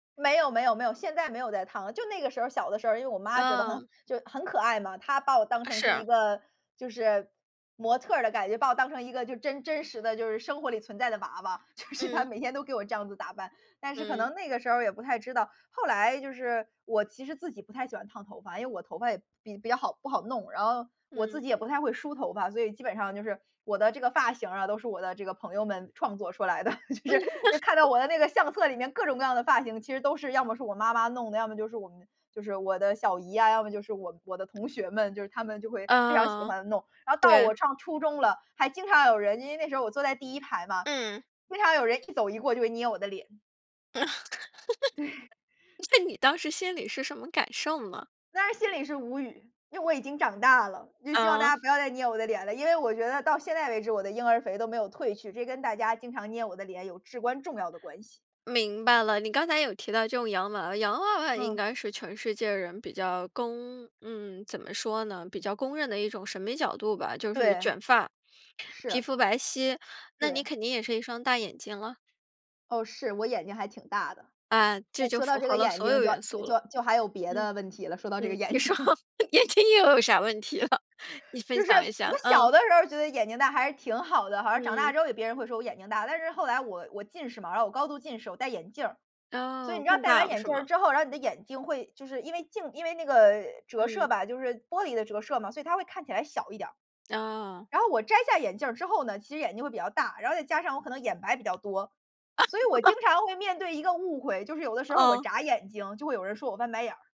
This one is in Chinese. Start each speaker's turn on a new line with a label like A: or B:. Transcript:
A: 没有没有没有，现在没有在烫了，就那个时候小的时候因为我妈觉得
B: 嗯。
A: 很就是很可爱嘛。她把我当
B: 啊，
A: 成是一
B: 是。
A: 个就是，模特儿的感觉，把我当成一个就真真实的就是生活里存在的娃娃，就是她
B: 嗯。
A: 每天都给我这样子打扮。但是可
B: 嗯。
A: 能那个时候儿也不太知道，后来就是我其实自己不太喜欢烫头发，因为我头发也比比较好不好弄。然后，我自
B: 嗯。
A: 己也不太会梳头发，所以基本上就是，我的这个发型儿啊，都是我的这个朋友们创作出来的。就是，看到 我的那个相册里面各种各样的发型其实都是要么是我妈妈弄的，要么就是我们就是我的小姨呀，要么就是我我的同学们，就是他们就会非常喜
B: 嗯，
A: 欢弄。然后到
B: 对。
A: 我上初中了，还经常有人因为那时候我坐在第1排嘛，
B: 嗯。
A: 经常有人一走一过就会捏我的脸。
B: 那
A: 对。
B: 你当时心里是什么感受呢？
A: 当然心里是无语，因为我已经长大了，就希望大
B: 嗯。
A: 家不要再捏我的脸了。因为我觉得到现在为止我的婴儿肥都没有褪去，这跟大家经常捏我的脸有至关重要的关系。
B: 明白了，你刚才有提到这种洋娃娃，洋娃娃应
A: 嗯。
B: 该是全世界人比较公嗯，怎么说呢？比较公认的一种审美角度吧，就是
A: 对。
B: 卷发，皮
A: 是。
B: 肤白皙，那你
A: 对。
B: 肯定也是一双大眼睛了？
A: 哦，是，我眼睛还挺大的。
B: 啊，这
A: 那
B: 就
A: 说到
B: 符
A: 这
B: 合
A: 个
B: 了
A: 眼
B: 所
A: 睛
B: 有
A: 就
B: 元素了。
A: 就就还有别
B: 嗯，
A: 的问题了，说到这个
B: 嗯。
A: 眼
B: 你说，
A: 睛。
B: 眼睛又有啥问题了？你分
A: 就是，
B: 享一下，
A: 我
B: 啊。
A: 小的时候觉得眼睛大还是挺好的，好像长大
B: 嗯。
A: 之后别人会说我眼睛大。但是后来我我近视嘛，然后我高度近视，我戴眼镜儿。所以你
B: 哦，
A: 知道
B: 更
A: 戴完
B: 大了
A: 眼
B: 是
A: 镜
B: 吗？
A: 之后然后你的眼睛会就是因为镜因为那个呃，折射
B: 嗯。
A: 吧，就是玻璃的折射嘛，所以它会看起来小一点儿。
B: 哦。
A: 然后我摘下眼镜儿之后呢，其实眼睛会比较大。然后再加上我可能眼白比较多，所以我经 常会面对一个误会，就是有的时候我
B: 嗯。
A: 眨眼睛，就会有人说我翻白眼儿。